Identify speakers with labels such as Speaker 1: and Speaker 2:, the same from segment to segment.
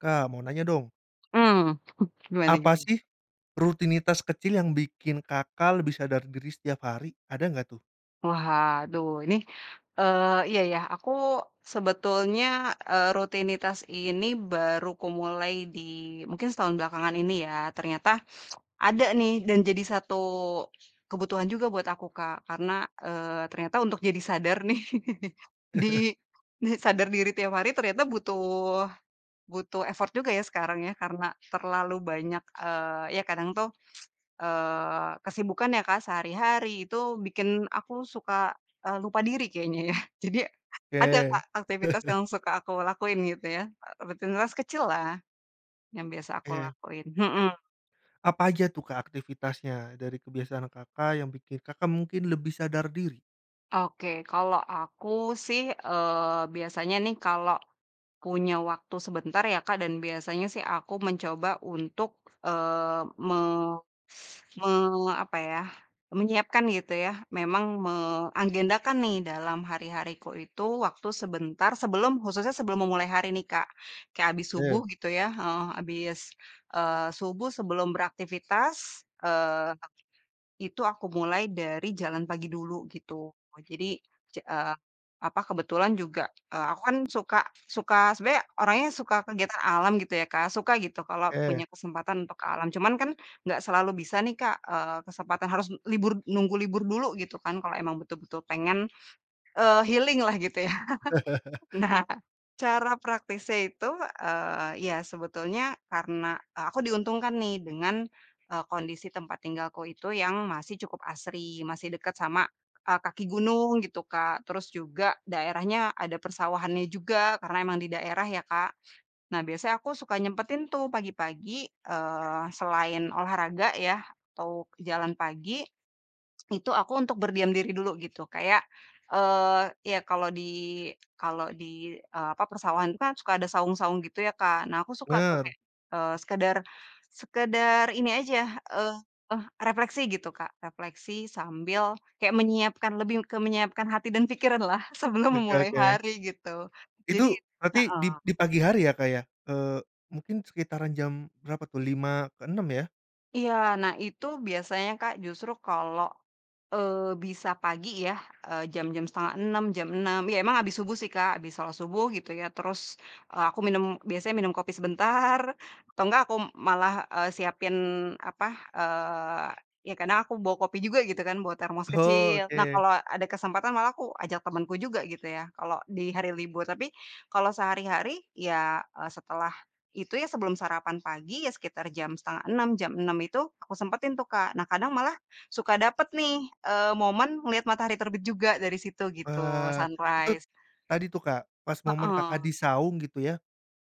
Speaker 1: Kak, mau nanya dong!
Speaker 2: Mhm, gimana gitu?
Speaker 1: Apa sih, rutinitas kecil yang bikin Kakak lebih sadar diri setiap hari? Ada enggak tuh?
Speaker 2: Waduh! Ini e iya, ya aku sebetulnya e rutinitas ini baru kumulai di mungkin setahun belakangan ini ya, ternyata ada nih dan jadi satu kebutuhan juga buat aku Kak, karena e ternyata untuk jadi sadar nih, di di sadar diri tiap hari ternyata butuh butuh effort juga ya, sekarang ya, karena terlalu banyak, eee, ya kadang tuh, eee, kesibukan ya Kak, sehari-hari itu bikin aku suka lupa, eee, diri kayaknya ya. Jadi ada
Speaker 1: Ke.
Speaker 2: Kak, aktivitas yang suka aku lakuin gitu ya, e rutinitas kecil lah, yang biasa aku
Speaker 1: Ke.
Speaker 2: lakuin, mhm.
Speaker 1: Apa aja tuh Kak, aktivitasnya dari kebiasaan Kakak yang bikin Kakak mungkin lebih sadar diri?
Speaker 2: Oke, kalau aku sih, e biasanya nih kalau punya waktu sebentar ya Kak, dan biasanya sih aku mencoba untuk, eee, me me apa ya, menyiapkan gitu ya, memang me agendakan nih, dalam hari-hariku itu waktu sebentar sebelum khususnya sebelum memulai hari nih Kak. Kayak abis subuh
Speaker 1: Eh.
Speaker 2: gitu ya, heeh, abis, eee, subuh sebelum beraktivitas, eee, itu aku mulai dari jalan pagi dulu, gitu. Oh jadi, ce eee, apa kebetulan juga, eee, aku kan, suka suka sebenernya orangnya suka kegiatan alam gitu ya Kak, suka gitu kalau
Speaker 1: Eh.
Speaker 2: punya kesempatan untuk ke alam, cuman kan, enggak selalu bisa nih Kak, eee, kesempatan harus libur nunggu libur dulu gitu kan kalau emang betul-betul pengen, eee, healing lah gitu ya. Nah, cara praktisnya itu, eee, iya sebetulnya karena aku diuntungkan nih, dengan e kondisi tempat tinggalku itu yang masih cukup asri, masih deket sama e kaki gunung gitu Kak. Terus juga daerahnya ada persawahanannya juga karena memang di daerah ya Kak. Nah, biasanya aku suka nyempetin tuh pagi-pagi, eee, selain olahraga ya, atau jalan pagi itu aku untuk berdiam diri dulu, gitu. Kayak, eee, ya kalau di kalau di, e apa persawahan kan suka ada saung-saung gitu ya Kak, nah, aku suka tuh
Speaker 1: Bener.
Speaker 2: kayak e sekedar sekedar ini aja eee, refleksi gitu Kak. Refleksi sambil kayak menyiapkan lebih ke menyiapkan hati dan pikiran lah sebelum
Speaker 1: Oke
Speaker 2: memulai
Speaker 1: oke.
Speaker 2: hari gitu. Jadi
Speaker 1: Itu bearti,
Speaker 2: heeh.
Speaker 1: dip di pagi hari ya Kak, ya, eee, mungkin sekitaran jam, berapa tuh? 05:00 ke 06:00 ya?
Speaker 2: Iya, nah, itu biasanya Kak, justru kalau, eee, bisa pagi ya, e jam-jam 05:30, jam 06:00 ya, emang abis subuh sih Kak, habis sholat subuh gitu ya, terus e aku minum biasanya minum, kopi sebentar atau enggak aku malah, eee, siapin apa, eee, ya karena aku bawa kopi juga gitu kan, bawa termos
Speaker 1: Oh,
Speaker 2: kecil. Nah
Speaker 1: oke.
Speaker 2: kalau ada kesempatan malah aku ajak temenku juga gitu ya, kalau di hari libur. Tapi kalau sehari-hari ya, eee, setelah itu ya, sebelum sarapan pagi iya, sekitar jam 05:30 jam 06:00 itu aku sempetin tuh Kak. Nah, kadang malah suka dapet nih, e momen ngeliat matahari terbit juga dari situ gitu,
Speaker 1: Wah, itu
Speaker 2: sunrise.
Speaker 1: tadi tuh Kak, pas momen Kakak
Speaker 2: Heeh.
Speaker 1: di saung gitu ya,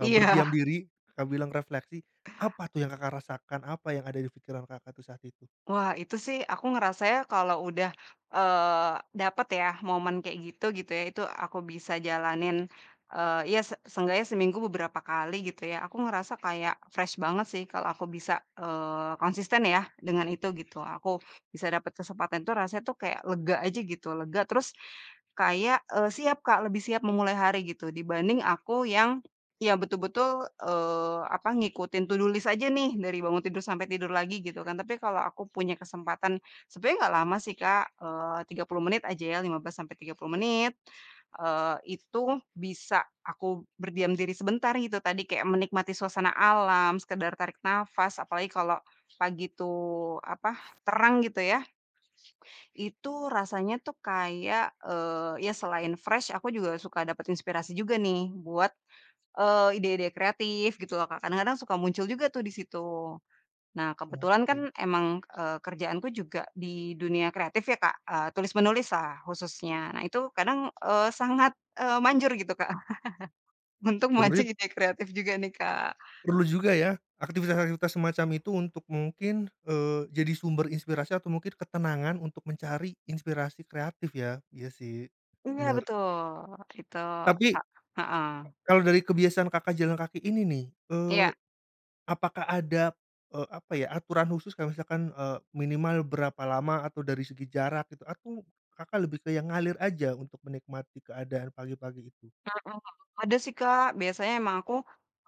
Speaker 1: e
Speaker 2: Iya.
Speaker 1: berdiam diri, Kakak bilang refleksi, apa tuh yang Kakak rasakan, apa yang ada dipikiran Kakak tuh saat itu?
Speaker 2: Wah, itu sih aku ngerasanya kalau udah, eee, dapet ya, momen kayak gitu, gitu ya, itu aku bisa jalanin e iya se seenggaknya seminggu beberapa kali gitu ya, aku ngerasa kayak fresh banget sih, kalau aku bisa, eee, konsisten ya dengan itu gitu. Aku bisa dapet kesempatan tuh rasanya tuh, kaya lega aja gitu lega, terus kayak e siap Kak. Lebih siap memulai hari gitu, dibanding aku yang ya, betul-betul, eee, apa ngikutin to do list aja nih dari bangun tidur sampai tidur lagi gitu kan, tapi kalau aku punya kesempatan, sebenernya enggak lama sih Kak, eee 30 menit aja ya, 15 sampai 30 menit. Eee, itu bisa aku berdiam diri sebentar gitu tadi kayak menikmati suasana alam, sekedar tarik nafas, apalagi kalau pagi itu apa, terang gitu ya. Itu rasanya tuh kayak, eee, ya, selain fresh aku juga suka dapat inspirasi juga nih buat e ide-ide kreatif gitu loh Kak. Kadang-kadang suka muncul juga tuh di situ. Nah, kebetulan kan
Speaker 1: Oke.
Speaker 2: emang, eee, kerjaanku juga di dunia kreatif ya Kak, eee, tulis menulis lah khususnya nah, itu kadang, eee, sangat, eee, manjur gitu Kak. Untuk memancing
Speaker 1: Turip?
Speaker 2: ide kreatif juga nih, Kak.
Speaker 1: Perlu juga ya aktivitas-aktivitas semacam itu untuk mungkin, eee, jadi sumber inspirasi atau mungkin ketenangan untuk mencari inspirasi kreatif ya. Iya sih,
Speaker 2: Iya
Speaker 1: bener.
Speaker 2: betul, itu sa
Speaker 1: Tapi, e
Speaker 2: heeh.
Speaker 1: kalau dari kebiasaan Kakak jalan kaki ini nih, eee,
Speaker 2: Iya.
Speaker 1: apakah ada, eee, apa ya, aturan khusus kalau misalkan e minimal berapa lama atau dari segi jarak itu, atau Kakak lebih ke yang ngalir aja ntuk menikmati keadaan pagi-pagi itu?
Speaker 2: Heeh, ada sih Kak, biasanya emang aku,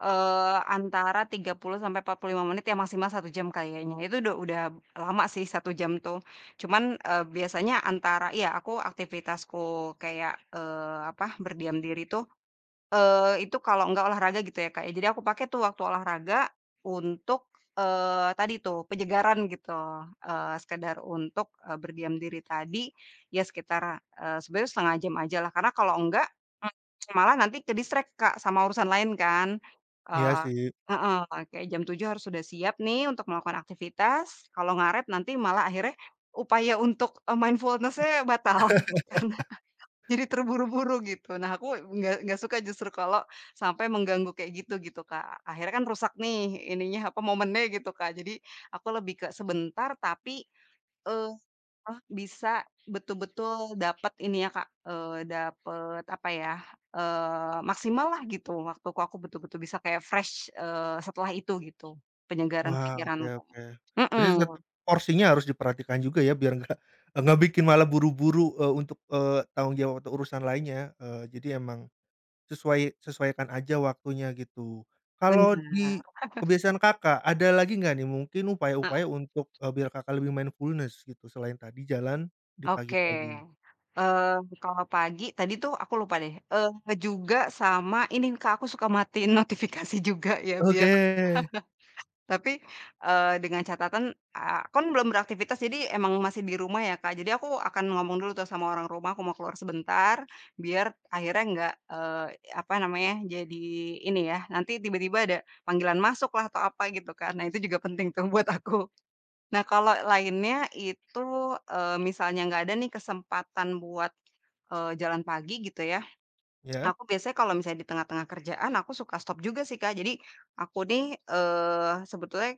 Speaker 2: eee, antara 30 sampai 45 menit ya maksimal 1 jam kayaknya. Itu udah udah lama sih 1 jam tuh. Cuman e biasanya antara, iya aku aktivitasku kayak, eee, apa berdiam diri tuh, eee itu kalau enggak olahraga gitu ya, Kak. Jadi aku pakai tuh waktu olahraga untuk eee tadi tuh, penyegaran gitu. Eee, sekedar untuk e berdiam diri tadi ya, sekitar e sebenernya 1/2 jam aja lah. Karena kalau enggak em malah nanti ke-distract Kak sama urusan lain kan. E
Speaker 1: Iya sih.
Speaker 2: heeh, eee, kek jam 07:00 harus sudah siap nih, untuk melakukan aktivitas kalau ngaret nanti malah akhirnya upaya untuk e mindfulness-nya batal, karena jadi terburu-buru gitu. Nah, aku nggak nggak suka justru kalau sampai mengganggu kayak gitu, gitu Kak. Akhirnya kan rusak nih, ininya apa momennya gitu Kak. Jadi aku lebih ke sebentar tapi, eee, ah bisa betul-betul dapat ini ya Kak, e dapet apa ya, eee, maksimal lah gitu. Waktuku aku betul-betul bisa kaya fresh, eee, setelah itu gitu. Penyegaran
Speaker 1: Wah, oke
Speaker 2: pikiranku,
Speaker 1: oke berarti
Speaker 2: mhm.
Speaker 1: tetep porsinya harus diperhatikan juga ya, biar enggak enggak bikin malah buru-buru, eee, untuk, eee, tanggung jawab atau urusan lainnya. Eee, jadi emang sesuai sesuaikan aja waktunya gitu. Kalau
Speaker 2: Bener.
Speaker 1: di kebiasaan Kakak, ada lagi enggak nih mungkin upaya-upaya
Speaker 2: Heeh.
Speaker 1: untuk e biar Kakak lebih mindfulness gitu, selain tadi jalan di
Speaker 2: Oke,
Speaker 1: pagi-pagi?
Speaker 2: eee, kalau enggak pagi tadi tuh, aku lupa deh e nge juga sama ini Kak, aku suka matiin notifikasi juga ya
Speaker 1: Oke.
Speaker 2: biar tapi e dengan catatan aku kan belum beraktivitas, jadi emang masih di rumah ya Kak. Jadi aku akan ngomong dulu tuh sama orang rumah, aku mau keluar sebentar biar akhirnya enggak, eee, apa namanya jadi ini ya, nanti tiba-tiba ada panggilan masuk lah, atau apa gitu kan. Nah, itu juga penting tuh buat aku. Nah, kalau lainnya itu, eee, misalnya enggak ada nih, kesempatan buat, e jalan pagi gitu ya,
Speaker 1: Iya.
Speaker 2: aku biasanya kalau misalnya di tengah-tengah kerjaan, aku suka stop juga sih Kak. Jadi aku nih, eee, sebetulnya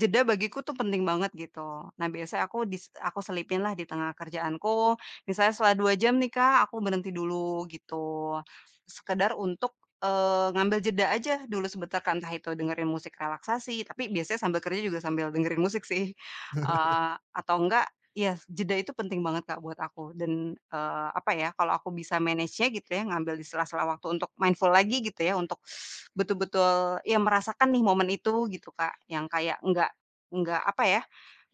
Speaker 2: jeda bagiku itu penting banget gitu. Nah, biasanya aku dis aku selipin lah di tengah kerjaanku, misalnya setelah 2 jam nih Kak, aku berhenti dulu gitu. Sekedar untuk, eee, ngambil jeda aja dulu sebentar kan, entah itu dengerin musik relaksasi tapi biasanya sambil kerja juga sambil dengerin musik sih. Eee, atau enggak iya, jeda itu penting banget Kak, buat aku dan e apa ya, kalau aku bisa manage-nya gitu ya, ngambil di sela-sela waktu untuk mindful lagi gitu ya, untuk betul-betul ya, merasakan nih, momen itu gitu Kak, yang kayak enggak enggak apa ya,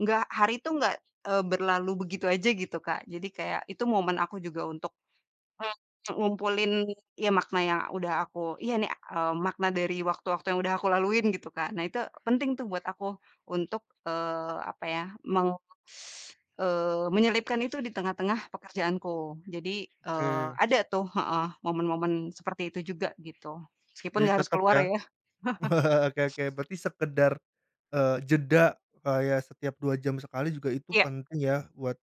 Speaker 2: enggak hari itu enggak e berlalu begitu aja gitu Kak, jadi kayak itu momen aku juga untuk e ngumpulin ya, makna yang udah aku iya nih, e makna dari waktu-waktu yang udah aku laluin gitu Kak. Nah, itu penting tuh buat aku untuk, eee apa ya, meng eee, menyelipkan itu di tengah-tengah pekerjaanku. Jadi e
Speaker 1: Oke.
Speaker 2: ada tuh, heeh, momen-momen seperti itu juga, gitu. Meskipun
Speaker 1: Jadi
Speaker 2: enggak harus
Speaker 1: tetep
Speaker 2: keluar
Speaker 1: ya?
Speaker 2: ya.
Speaker 1: Oke oke berarti sekedar, e jeda kayak setiap 2 jam sekali juga itu
Speaker 2: Iya.
Speaker 1: penting ya, buat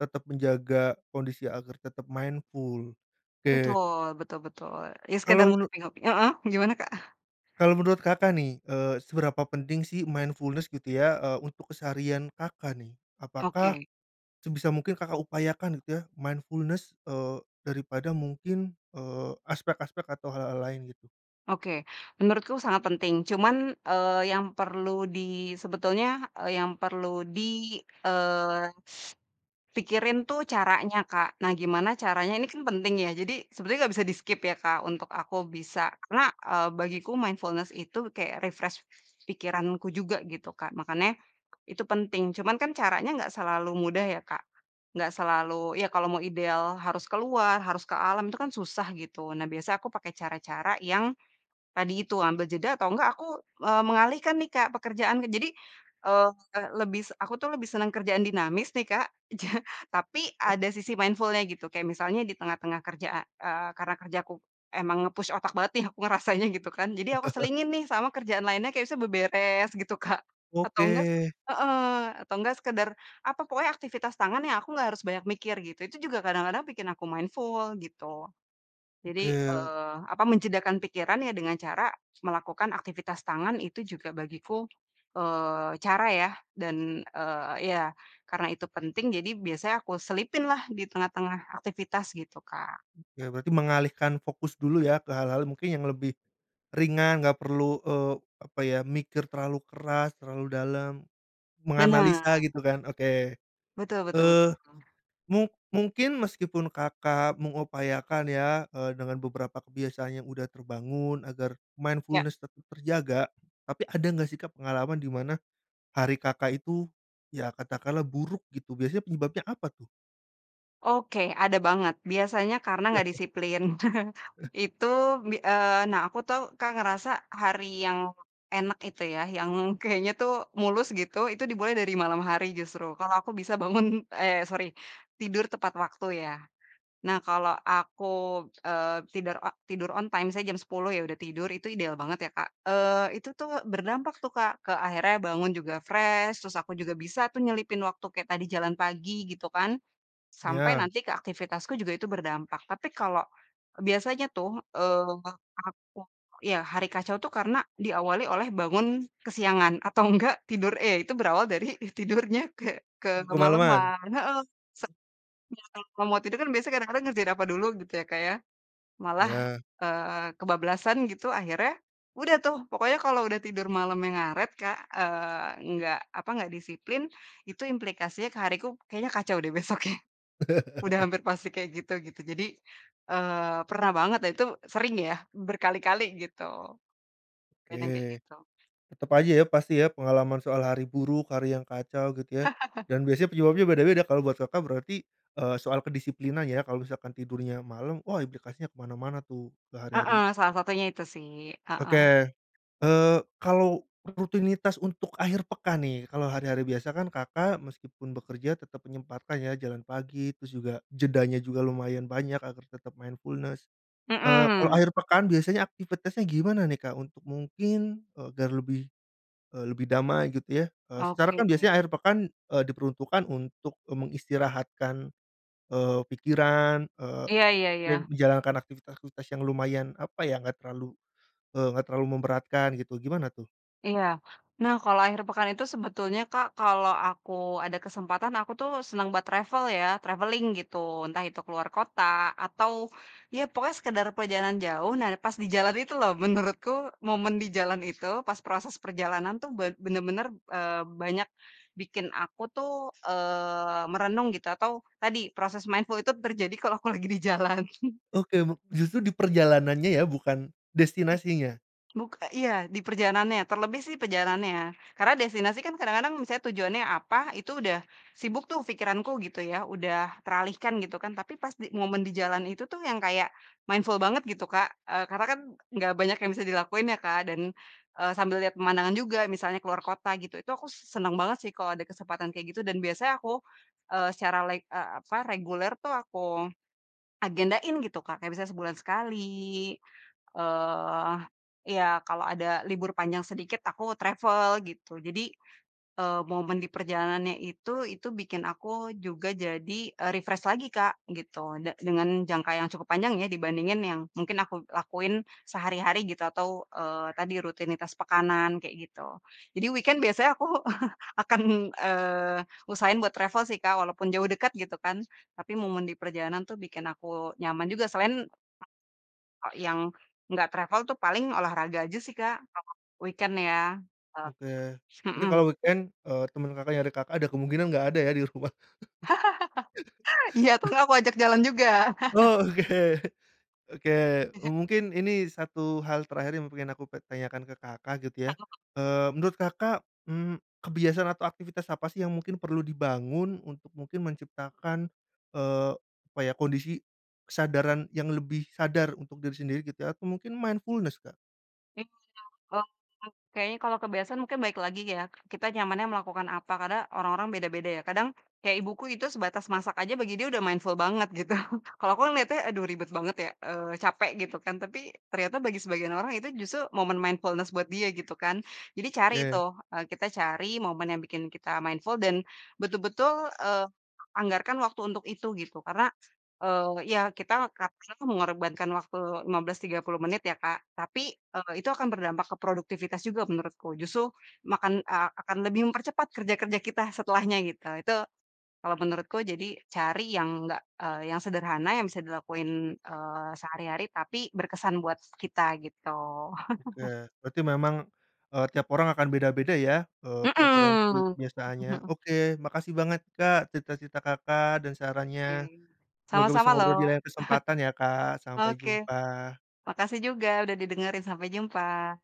Speaker 1: tetap menjaga kondisi agar tetap mindful, oke.
Speaker 2: Betul, betul betul, iya sekedar
Speaker 1: Kalau menu
Speaker 2: [unintelligible] heeh, gimana Kak?
Speaker 1: Kalau menurut Kakak nih, e seberapa penting sih mindfulness gitu ya? E untuk keseharian Kakak nih? Apakah
Speaker 2: Oke.
Speaker 1: sebisa mungkin Kakak upayakan gitu ya, mindfulness, eee, daripada mungkin, eee, aspek-aspek atau hal-hal lain gitu.
Speaker 2: Oke, menurutku sangat penting cuman, eee, yang perlu di sebetulnya, e yang perlu di eee, pikirin tuh caranya Kak. Nah, gimana caranya ini kan penting ya, jadi sebetulnya enggak bisa di-skip ya Kak, untuk aku bisa karena e bagiku mindfulness itu kayak refresh pikiranku juga gitu Kak. Makanya itu penting. Cuman kan, caranya enggak selalu mudah ya, Kak. Enggak selalu ya, kalau mau ideal harus keluar, harus ke alam, itu kan susah gitu. Nah, biasa aku pakai cara-cara yang tadi itu ambil jeda atau enggak aku e mengalihkan nih Kak, pekerjaanku. Jadi, eee, lebis aku tuh lebih senang kerjaan dinamis nih, Kak. Ja tapi ada sisi mindful-nya gitu, kayak misalnya di tengah-tengah kerja a e kerena kerjaku emang nge-push otak banget nih aku ngerasanya, gitu kan, jadi aku selingin nih sama kerjaan lainnya kayak bisa beberes gitu Kak, atau enggak
Speaker 1: Oke.
Speaker 2: heeh, atau enggak sekedar apa pokoknya aktivitas tangan yang aku nggak harus banyak mikir gitu. Itu juga kadang-kadang bikin aku mindful, gitu.
Speaker 1: Oke
Speaker 2: Jadi,
Speaker 1: ya.
Speaker 2: eee, apa menjedakan pikiran ya, dengan cara melakukan aktivitas tangan itu juga bagiku, eee, cara ya, dan eee, iya karena itu penting jadi biasanya aku selipin lah, di tengah-tengah aktivitas gitu Kak.
Speaker 1: Oke, berarti mengalihkan fokus dulu ya, ke hal-hal mungkin yang lebih ringan enggak perlu e apa ya, mikir terlalu keras, terlalu dalam,
Speaker 2: Bener.
Speaker 1: menganalisa gitu kan. Oke,
Speaker 2: Betul betul
Speaker 1: eee,
Speaker 2: betul.
Speaker 1: mung mungkin meskipun Kakak mengupayakan ya, eee, dengan beberapa kebiasaan yang udah terbangun agar
Speaker 2: Iya.
Speaker 1: mindfulness tetep terjaga, tapi ada enggak sih Kak, pengalaman di mana hari Kakak itu ya, katakanlah buruk gitu biasanya penyebabnya apa tuh?
Speaker 2: Oke, ada banget biasanya karena enggak disiplin.
Speaker 1: Eh.
Speaker 2: Itu bi eee nah, aku tuh Kak, ngerasa hari yang enak itu ya, yang kayaknya tuh mulus gitu, itu dimulai dari malam hari justru. Kalau aku bisa bangun eee, sori tidur tepat waktu ya. Nah, kalau aku, eee, tidur, eee, tidur on time, misalnya jam 10:00 ya, udah tidur itu ideal banget ya Kak. Eee, itu tuh, berdampak tuh Kak, ke akhirnya bangun juga fresh terus aku juga bisa tuh nyelipin waktu kayak tadi jalan pagi gitu kan. Sampai
Speaker 1: Iya.
Speaker 2: nanti ke aktivitasku juga itu berdampak, tapi kalau biasanya tuh, eee, aku, ya hari kacau tuh, karena diawali oleh bangun kesiangan atau enggak tidur e itu berawal dari tidurnya ke ke
Speaker 1: Kemaleman?
Speaker 2: kemaleman. Heeh, sek ya ka kalau mau tidur kan, biasanya kadang-kadang ngerjain apa dulu, gitu ya Kak ya. Malah,
Speaker 1: Iya.
Speaker 2: eee, kebablasan gitu akhirnya udah tuh pokoknya kalau udah tidur malemnya ngaret Kak, eee, enggak apa enggak disiplin, itu implikasinya ke hariku kayaknya kacau deh besoknya. Udah hampir pasti kayak gitu gitu. Jadi, eee, pernah banget dan itu sering ya, berkali-kali gitu. Bener kek
Speaker 1: Oke,
Speaker 2: gitu.
Speaker 1: tetep aja ya, pasti ya, pengalaman soal hari buruk, hari yang kacau gitu ya, dan biasanya penyebabnya beda-beda. Kalau buat Kakak berarti, e soal kedisiplinan ya, kalau misalkan tidurnya malem, oh implikasinya ke mana-mana tuh, ke hari-hari.
Speaker 2: Heeh, salah satunya itu sih, heeh.
Speaker 1: Oke, eee, kalau rutinitas untuk akhir pekan nih, kalau hari-hari biasa kan, Kakak meskipun bekerja tetep menyempatkan ya jalan pagi, terus juga jedanya juga lumayan banyak agar tetap mindfulness. Eee, kalau
Speaker 2: Mhm.
Speaker 1: akhir pekan biasanya aktivitasnya gimana nih Kak untuk mungkin, agar lebih lebih, e lebih damai gitu ya. E secara
Speaker 2: Oke.
Speaker 1: kan biasanya akhir pekan, e diperuntukkan untuk, eee, mengistirahatkan, eee, pikiran, eee,
Speaker 2: Iya iya
Speaker 1: dan
Speaker 2: iya.
Speaker 1: menjalankan aktivitas-aktivitas yang lumayan apa ya, enggak terlalu, eee, enggak terlalu memberatkan gitu. Gimana tuh?
Speaker 2: Iya, nah, kalau akhir pekan itu sebetulnya Kak, kalau aku ada kesempatan aku tuh seneng buat travel ya, traveling gitu. Entah itu keluar kota atau ya, pokoknya sekedar perjalanan jauh. Nah, pas di jalan itu loh, menurutku momen di jalan itu pas proses perjalanan tuh ba bener-bener, eee, banyak bikin aku tuh, eee, merenung gitu atau tadi proses mindful itu terjadi kalau aku lagi di jalan.
Speaker 1: Oke buk justru diperjalanannya ya bukan destinasinya?
Speaker 2: Buka iya di perjalanannya, terlebih sih perjalanannya ya. Karena destinasi kan kadang-kadang misal tujuannya apa, itu udah sibuk tuh pikiranku gitu ya, udah teralihkan gitu kan, tapi pas di momen di jalan itu tuh yang kayak mindful banget gitu Kak, eee, karena kan enggak banyak yang bisa dilakuin ya Kak, dan, eee, sambil lihat pemandangan juga misalnya ke luar kota gitu, itu aku seneng banget sih kalau ada kesempatan kaya gitu dan biasanya aku, eee, secara leg eee, apa reguler tuh aku agendain gitu Kak. Kayak misalnya sebulan sekali, eee, iya kalau ada libur panjang sedikit aku travel gitu. Jadi e momen di perjalanannya itu, itu bikin aku juga jadi e refresh lagi Kak, gitu. Da dengan jangka yang cukup panjang ya, dibandingin yang mungkin aku lakuin sehari-hari gitu atau, eee, tadi rutinitas pekanan, kayak gitu. Jadi weekend biasanya aku akan, eee, usahain buat travel sih Kak, walaupun jauh dekat gitu kan. Tapi momen di perjalanan tuh bikin aku nyaman juga selain o yang enggak travel tuh paling olahraga aja sih Kak, [unintelligible] weekend ya, eee,
Speaker 1: Oke, berarti kalau
Speaker 2: mhm.
Speaker 1: weekend, eee, temen Kakak, nyari Kakak, ada kemungkinan enggak ada ya di rumah?
Speaker 2: Iya, atau nggak aku ajak jalan juga.
Speaker 1: Oke, oke, e mungkin ini satu hal terakhir yang pengen aku ke tanyakan ke Kakak, gitu ya.
Speaker 2: [unintelligible]
Speaker 1: Eee, menurut Kakak, mmm, kebiasaan atau aktivitas apa sih yang mungkin perlu dibangun untuk mungkin menciptakan, eee, apa ya kondisi kesadaran yang lebih sadar untuk diri sendiri gitu ya atau mungkin mindfulness Kak?
Speaker 2: [unintelligible] Kayaknya kalau kebiasaan mungkin balik lagi ya, kita nyamannya melakukan apa karena orang-orang beda-beda ya. Kadang kayak ibuku itu sebatas masak aja bagi dia udah mindful banget gitu. Kalau aku ngeliatnya aduh ribet banget ya, eee capek gitu kan. Tapi ternyata bagi sebagian orang itu justru momen mindfulness buat dia gitu kan. Jadi cari
Speaker 1: Oke.
Speaker 2: tuh, e kita cari momen yang bikin kita mindful dan betul-betul e anggarkan waktu untuk itu gitu. Karena e ya kita kalau bisa tuh mengorbankan waktu 15, 30 menit ya Kak, tapi e itu akan berdampak ke produktivitas juga menurutku. Justru makan e akan lebih mempercepat kerja-kerja kita setelahnya gitu. Itu kalau menurutku jadi cari yang nggak e yang sederhana yang bisa dilakuin, eee, sehari-hari tapi berkesan buat kita gitu.
Speaker 1: Oke, berarti memang, eee, tiap orang akan beda-beda ya, eee, preferensi
Speaker 2: Mhm, mhm
Speaker 1: penyelesaiannya.
Speaker 2: mhm.
Speaker 1: Oke, makasih banget Kak, cerita-cerita Kakak, dan sarannya.
Speaker 2: Oke,
Speaker 1: Semoga bisa
Speaker 2: sama-sama loh.
Speaker 1: ngobrol di lain kesempatan ya Kak. Sampai
Speaker 2: Oke,
Speaker 1: jumpa.
Speaker 2: makasih juga udah didengerin, sampai jumpa.